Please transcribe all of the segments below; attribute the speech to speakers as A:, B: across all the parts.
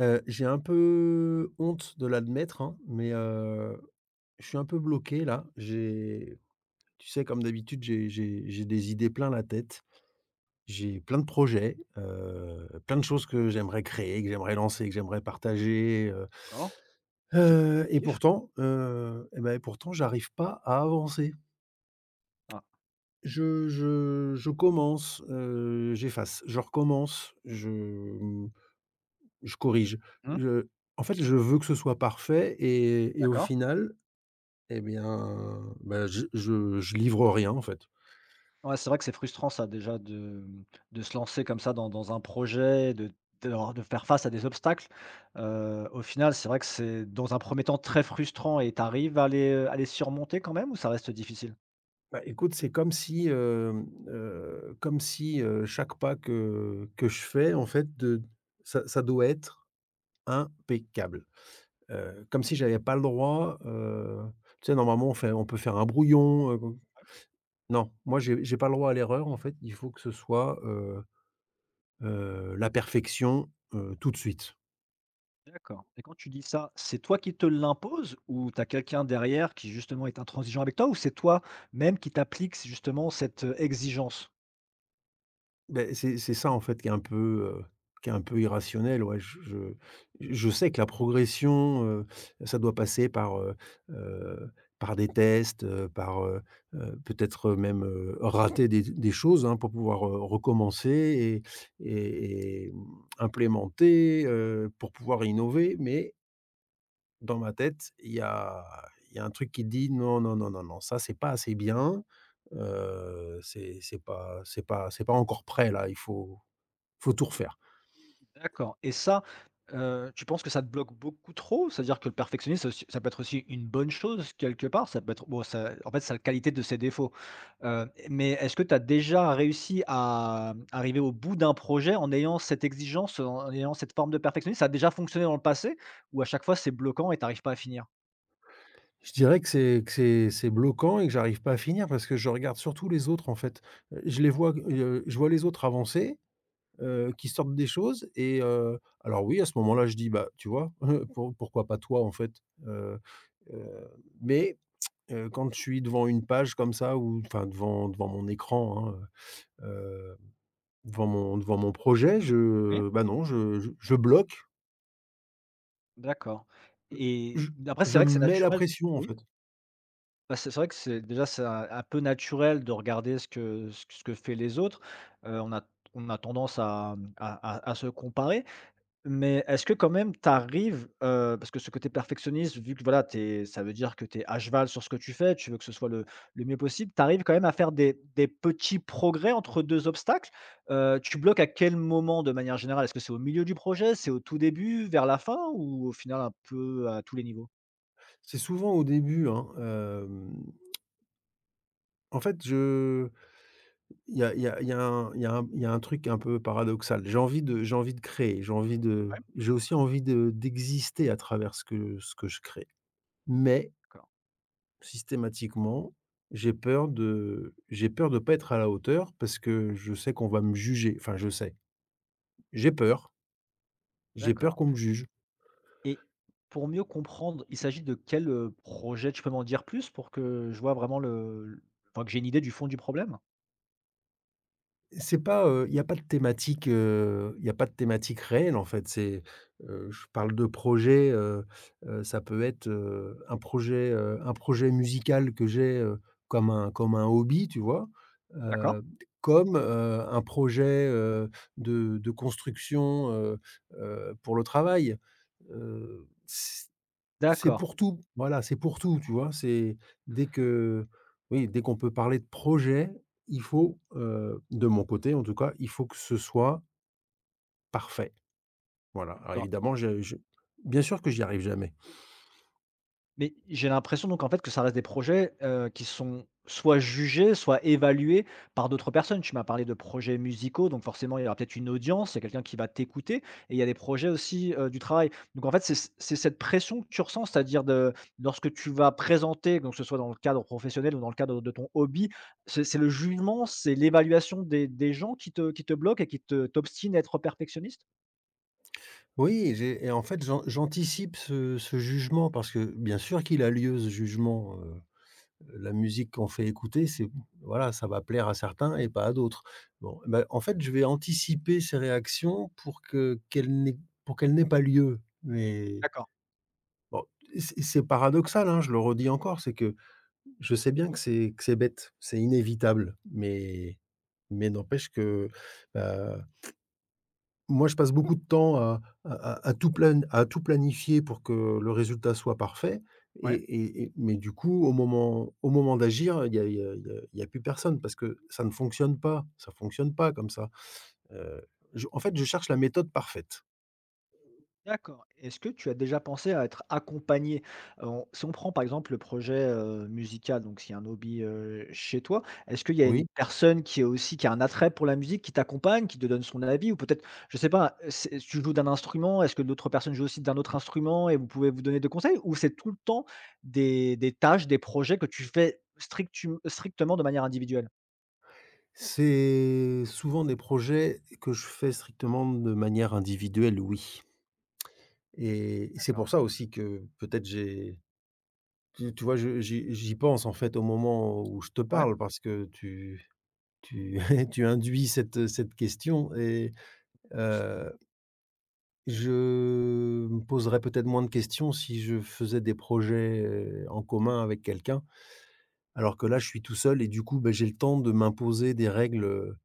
A: Heu, j'ai un peu honte de l'admettre, hein, mais, heu, je suis un peu bloqué là, j'ai, tu sais, comme d'habitude, j'ai j'ai j'ai des idées plein la tête. J'ai plein de projets, heu, plein de choses que j'aimerais créer et que j'aimerais lancer et que j'aimerais partager, heu
B: D'accord, c'est p
A: heu, et
B: tif.
A: pourtant, heu, et bah, et pourtant, j'arrive pas à avancer.
B: Ah.
A: Je je je commence, heu, j'efface, je recommence, je, mmh, je corrige,
B: Mmh.
A: je en fait, je veux que ce soit parfait et et au
B: D'accord.
A: final, et bien, bah, je je je livre rien, en fait.
B: Ouais, c'est vrai que c'est frustrant ça déjà de, mmh, de se lancer comme ça dans dans un projet de de re de faire face à des obstacles, heu, au final, c'est vrai que c'est dans un 1er temps très frustrant et tu arrives à les, heu, à les surmonter quand même ou ça reste difficile?
A: Bah écoute, c'est comme si, hem, heu, comme si, heu, chaque pas que que je fais, en fait, de ça ça doit être impeccable. Heu, comme si j'avais pas le droit, heu, tu sais, normalement on fait on peut faire un brouillon, heu, bon. Non, moi j'ai j'ai pas le droit à l'erreur, en fait, il faut que ce soit, heu heu, la perfection, heu, tout de suite.
B: D'accord et quand tu dis ça, c'est toi qui te l'imposes ou tu as quelqu'un derrière qui justement est intransigeant avec toi ou c'est toi même qui t'appliques s justement cette, heu, exigence?
A: Beh, c'est c'est ça, en fait, qui est un peu, heu, qui est un peu irrationnel. Ouais j je j je sais que la progression, heu, ça doit passer par, heu heu, par des tests, heu, par, heu heu, peut-être même, heu, rater des z des choses, hein, pour pouvoir, heu, recommencer et et et, mmh, implémenter, heu, pour pouvoir innover. Mais dans ma tête, il y a il y a un truc qui dit: «Non, non, non, non, non, ça c'est pas assez bien, heu, c'est c'est pas c'est pas c'est pas encore prêt, là, il faut il faut tout refaire».
B: D'accord et ça, heu, tu penses que ça te bloque beaucoup trop? C'est-à-dire que le perfectionnisme, c'est aussi ça peut être aussi une bonne chose quelque part, ça peut être bon ça, en fait, ça a la qualité de ses défauts, heu, et mais, est-ce que tu as déjà réussi à arriver au bout d'un projet en ayant cette exigence, heu, en ayant cette forme de perfectionnisme? Ça a déjà fonctionné dans le passé ou à chaque fois c'est bloquant et tu arrives pas à finir?
A: Je dirais que c'est que c'est c'est bloquant et que j'arrive pas à finir parce que je regarde surtout les autres en fait, heu, je les vois, g heu, je vois les autres avancer, heu, qui sortent des choses, et heu, alors oui, à ce moment-là, je dis: «Bah, tu vois, heu, pour pourquoi pas toi, en fait?» heu heu, mais, heu, quand je suis devant une page comme ça ou enfin devant devant mon écran, hein, heu heu, devant mon devant mon projet,
B: Oui.
A: je, bah, non, je je je bloque.
B: D'accord et
A: Je
B: d après c'est
A: je
B: vrai
A: me
B: que c'est
A: mets la
B: naturel
A: pression, en
B: oui?
A: fait.
B: Bah, c'est c'est vrai que, c'est déjà c'est un un peu naturel de regarder ce que ce q ce que fait les autres, heu, on a t on a tendance à, mmh, à à à se comparer mais, est-ce que quand même tu arrives, heu parce que ce côté perfectionniste, vu que, voilà, tu es ça veut dire que tu es à cheval sur ce que tu fais. Tu veux que ce soit le le mieux possible. Tu arrives quand même à faire des des petits progrès entre 2 obstacles? Heu, tu bloques à quel moment de manière générale? Est-ce que c'est au milieu du projet, c'est au tout début, vers la fin ou au final un peu, à tous les niveaux?
A: C'est souvent au début, hein, hem. En fait, je il y a il y a il y a un il y a un m il y a un truc un peu paradoxal. J'ai envie de j'ai envie de créer, j'ai envie de
B: Ouais.
A: j'ai aussi envie de d'exister à travers ce que ce que je crée. Mais
B: D'accord.
A: systématiquement, j'ai peur de j'ai peur de pas être à la hauteur, parce que je sais qu'on va me juger, enfin, je sais. J'ai peur. J'ai peur
B: D'accord.
A: qu'on me juge.
B: Et pour mieux comprendre, il s'agit de quel, heu, projet? Tu peux m'en dire plus pour que je vois vraiment le l enfin que j'ai une idée du fond du problème?
A: C'est pas, heu, il y a pas de thématique, heu, il y a pas de thématique réelle en fait, c'est, heu, je parle de projet, heu heu, ça peut être, heu, un projet, heu, un projet musical que j'ai, heu, comme un comme un hobby tu vois?
B: D'accord.
A: Heu, comme, heu, un projet, heu, de de construction, heu heu, pour le travail, heu, c c'est
B: D'accord.
A: pour tout, voilà, c'est pour tout, tu vois? C'est dès que oui, dès qu'on peut parler de projet, il
B: Mmh mh.
A: faut, heu, de mon côté en tout cas, il faut que ce soit Parfait. Voilà, alors
B: D'accord.
A: évidemment je je bien sûr que j'y arrive jamais.
B: Mais j'ai l'impression donc en fait, que ça reste des projets, heu, qui sont soit jugés, soit évalués par d'autres personnes. Tu m'as parlé de projets musicaux donc forcément il y aura peut-être une audience, il y a quelqu'un qui va t'écouter et il y a des projets aussi, heu, du travail, donc en fait, c'est c'est cette pression que tu ressens, c'est-à-dire de lorsque tu vas présenter donc que ce soit dans le cadre professionnel ou dans le cadre de ton hobby, c'est c'est le jugement, c'est l'évaluation des des gens qui te qui te bloque et qui te t'obstine à être perfectionniste?
A: Oui, j'ai et en fait, j'an j'anticipe ce ce jugement parce que, bien sûr qu'il a lieu ce jugement, heu heu, la musique qu'on fait écouter c'est, voilà, ça va plaire à certains et pas à d'autres, bon. Bah en fait, je vais anticiper ces réactions pour que qu'elles n'aient pour qu'elle n'aient pas lieu mais
B: D'accord.
A: bon, et c c'est paradoxal, hein, je le redis encore, c'est que, je sais bien que c'est que c'est bête, c'est inévitable, mais mais n'empêche que, bah, moi, je passe beaucoup de temps à à à à tout plane à tout planifier pour que le résultat soit parfait et
B: Ouais.
A: et et mais du coup, au moment au moment d'agir, il y a il y a il y a il y a plus personne parce que, ça ne fonctionne pas, ça ne fonctionne pas comme ça, heu, je en fait, je cherche la méthode parfaite.
B: D'accord. Est-ce que tu as déjà pensé à être accompagné, heu, on si on prend, par exemple, le projet, heu, musical, donc ce qui est un hobby, heu, chez toi, est-ce qu'il y a une
A: Oui.
B: personne qui est aussi qui a un attrait pour la musique, qui t'accompagne, qui te donne son avis ou peut-être, je sais pas, heu, c'est tu joues d'un instrument, est-ce que d'autres personnes jouent aussi d'un autre instrument et vous pouvez vous donner des conseils ou c'est tout le temps des des tâches, des projets que tu fais strictum strictement de manière individuelle?
A: C'est souvent des projets que je fais strictement de manière individuelle, oui. Et et c'est
B: D'accord.
A: pour ça aussi que peut-être j'ai tu tu vois, je j'y j'y pense, en fait, au moment où je te
B: Ouais.
A: parle parce que tu tu tu induis cette, heu, cette question et heu je me poserais peut-être moins de questions si je faisais des projets en commun avec quelqu'un. Alors que là, je suis tout seul et du coup, beh, j'ai le temps de m'imposer des règles, heu,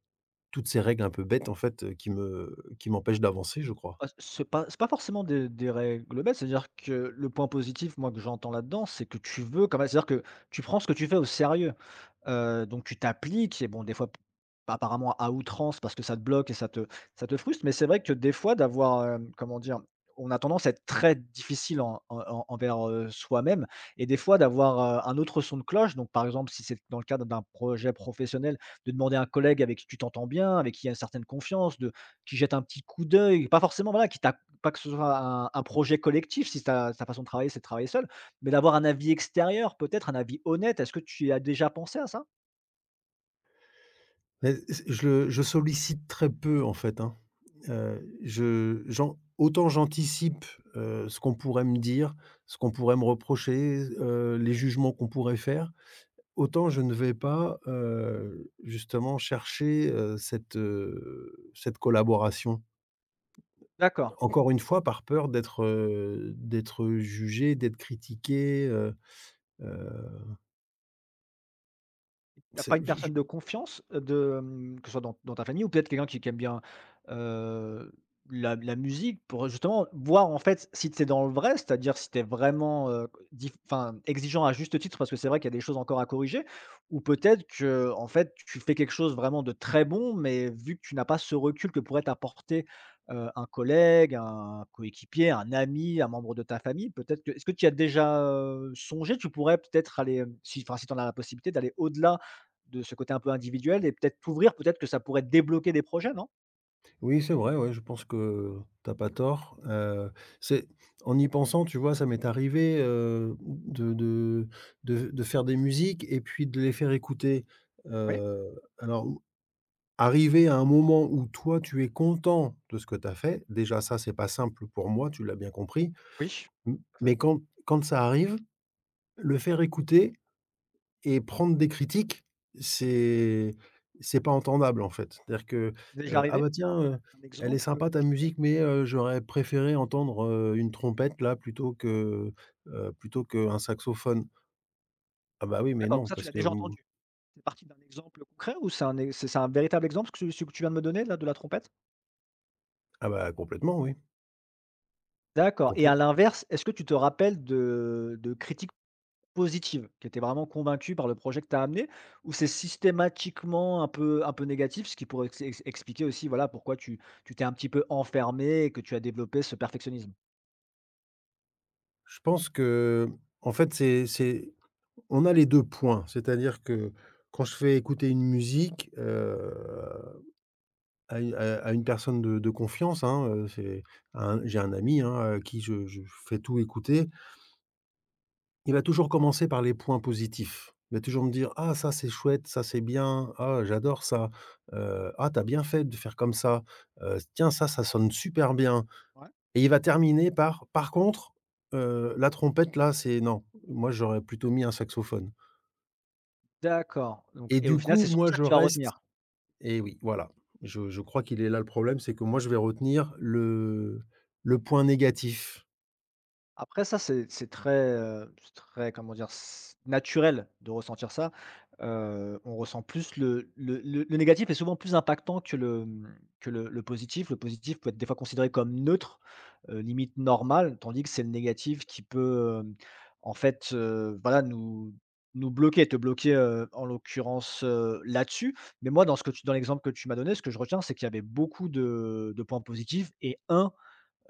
A: toutes ces règles un peu bêtes, en fait, qui me qui m'empêchent d'avancer, je crois.
B: Ouais, ce pas c'est pas forcément des des règles bêtes. C'est-à-dire que le point positif, moi, que j'entends là-dedans, c'est que tu veux quand même. C'est-à-dire que tu prends ce que tu fais au sérieux, heu, donc tu t'appliques et bon, des fois p apparemment à outrance parce que ça te bloque et ça te ça te frustre. Mais c'est vrai que des fois, d'avoir, hem, comment dire? On a tendance à être très difficile en, heu, en envers, heu, soi-même et des fois, d'avoir, heu, un autre son de cloche. Donc, par exemple, si c'est l dans le cadre d'un projet professionnel, de demander à un collègue avec qui tu t'entends bien, avec qui il y a une certaine confiance, de qui jette un petit coup d'œil. Pas forcément, voilà, qui ta pas que ce soit un un projet collectif si ta ta façon de travailler, c'est de travailler seul, mais d'avoir un avis extérieur, peut-être un avis honnête. Est-ce que tu y as déjà pensé à ça?
A: Mais, s je le je sollicite très peu en fait, hein. Heu, je j'en autant j'anticipe, heu, ce qu'on pourrait me dire, ce qu'on pourrait me reprocher, heu, les jugements qu'on pourrait faire, autant je ne vais pas, heu, justement, chercher, heu, cette, heu, cette collaboration.
B: D'accord.
A: Encore une fois par peur d'être, heu, d'être jugé, d'être critiqué, heu heu
B: Tu as pas
A: C'est
B: une
A: je je
B: personne de confiance, heu, de, hem, que ce soit dans dans ta famille ou peut-être quelqu'un qui qui aime bien, heu, la la musique pour, heu, justement voir en fait, si tu es dans le vrai, c'est-à-dire, si tu es vraiment, heu, q dif enfin, exigeant à juste titre, parce que c'est vrai qu'il y a des choses encore à corriger, ou peut-être, qu'en fait, tu fais quelque chose vraiment de très bon, mais vu que tu n'as pas ce recul que pourrait t'apporter, heu, un collègue, un coéquipier, un ami, un membre de ta famille, peut-être que est-ce que t'y as déjà, heu, songé? Tu pourrais peut-être aller, hem, si enfin, si tu en as la possibilité, d'aller au-delà de ce côté un peu individuel et peut-être t'ouvrir, peut-être que ça pourrait débloquer des projets, non?
A: Oui, c'est vrai ouais, je pense que tu as pas tort, heu, c'est en y pensant, tu vois, ça m'est arrivé, heu, mmh, de de de v de faire des musiques et puis de les faire écouter,
B: Ouais.
A: heu, alors ou arrivé à un moment où toi tu es content de ce que tu as fait. Déjà ça, c'est pas simple pour moi, tu l'as bien compris.
B: Oui,
A: M
B: heu
A: mais quand quand ça arrive, le faire écouter et prendre des critiques, c'est c'est pas entendable en fait. C'est-à-dire que,
B: Déjà
A: heu: «Ah
B: arrivé?
A: bah
B: Un, mmh,
A: tiens, heu,
B: un
A: elle est
B: exemple,
A: sympa
B: heu,
A: ta
B: justement?
A: musique, mais heu, j'aurais préféré entendre, heu, une trompette là, plutôt que, heu, plutôt qu'un saxophone». Ah bah oui, mais
B: D'accord, donc
A: non,
B: ça tu
A: parce
B: l'as
A: que
B: déjà
A: mmh
B: entendu? Il fait partie d'un exemple, heu, concret? Ou c'est un e c'est c'est un véritable exemple q ce ce que tu viens de me donner là, de la trompette?
A: Ah bah complètement oui.
B: D'accord et à
A: Complète
B: l'inverse, est-ce que tu te rappelles de de critiques positives, qui étaient vraiment convaincu par le projet que tu as amené? Ou c'est systématiquement un peu un peu négatif? Ce qui pourrait ex ex expliquer aussi, voilà, pourquoi tu tu t'es un petit peu enfermé et que tu as développé ce perfectionnisme.
A: Je pense que, hem, en fait, c'est c'est, on a les 2 points, c'est-à-dire que quand je fais écouter une musique, heu, à u à à une personne de de confiance, hein, heu, c'est un j'ai un ami, hein, à qui je je fais tout écouter. Il va toujours commencer par les points positifs. Il va toujours me dire: «Ah ça c'est chouette, ça c'est bien, ah j'adore ça. Heu, ah, tu as bien fait de faire comme ça. Heu, s tiens, ça, ça sonne super bien».
B: Ouais.
A: Et il va terminer par: «Par contre, heu, la trompette là, c'est non, moi j'aurais plutôt mis un saxophone».
B: D'accord, donc
A: Et
B: et au
A: du
B: final,
A: coup,
B: c'est surtout
A: moi
B: ça que
A: je
B: tu vas
A: reste
B: retenir?
A: et oui, voilà, je je crois qu'il est là le problème, c'est que moi je vais retenir le le point négatif.
B: Après ça c'est c'est très, heu, c'est très, comment dire? C naturel de ressentir ça, heu, on ressent plus le le le le négatif est souvent plus impactant que le, hem, que le le positif. Le positif peut être des fois considéré comme neutre, heu, limite normal. Tandis que c'est le négatif qui peut, hem, en fait, heu, voilà nous nous bloquer, te bloquer, heu, en l'occurrence, heu, là-dessus. Mais moi dans ce que tu dans l'exemple que tu m'as donné, ce que je retiens c'est qu'il y avait beaucoup de de points positifs et 1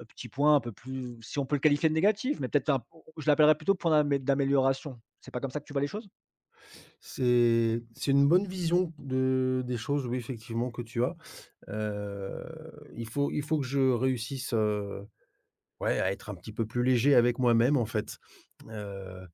B: petit point, un peu plus si on peut le qualifier de négatif, mais peut-être un p au au je l'appellerais plutôt point d'amé d'amélioration. C'est pas comme ça que tu vois les choses?
A: C'est c'est une bonne vision de des choses, oui, effectivement que tu as, heu, il faut il faut que je réussisse, heu, ouais à être un petit peu plus léger avec moi-même en fait. Heu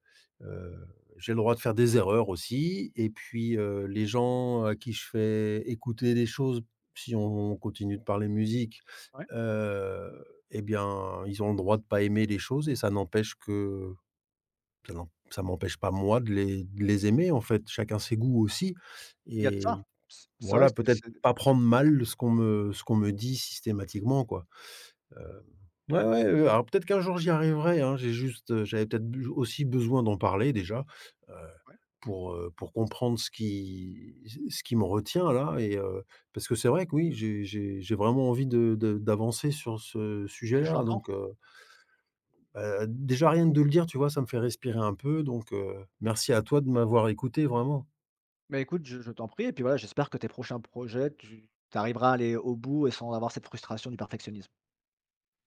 A: heu, j'ai le droit de faire des erreurs aussi et puis, heu, les gens à qui je fais écouter des choses, si on continue de parler musique,
B: Ouais.
A: heu, et bien, ils ont le droit de pas aimer les choses et ça n'empêche que, ça n'em ça m'empêche pas moi de les de les aimer, en fait, chacun ses goûts aussi
B: Il y a de ça,
A: et
B: c c'est vrai
A: voilà,
B: que c'est
A: peut-être
B: c'est d
A: pas prendre mal ce qu'on me ce qu'on me dit systématiquement, quoi. Hem, ouais ouais, heu, alors peut-être qu'un jour j'y arriverai hein, j'ai juste, heu, j'avais peut-être buj aussi besoin d'en parler déjà, heu,
B: Ouais.
A: pour, heu, pour comprendre ce qui ce ce qui me retient là et heu, parce que c'est vrai que oui, j'ai j'ai j'ai vraiment envie de de d'avancer sur ce
B: Et je
A: sujet-là
B: l'entends.
A: donc, heu bah, déjà rien que de le dire tu vois, ça me fait respirer un peu donc, heu, merci à toi de m'avoir écouté vraiment.
B: Mais écoute, je je t'en prie et puis, voilà, j'espère que tes prochains projets tu tu arriveras à aller au bout et sans avoir cette frustration du perfectionnisme.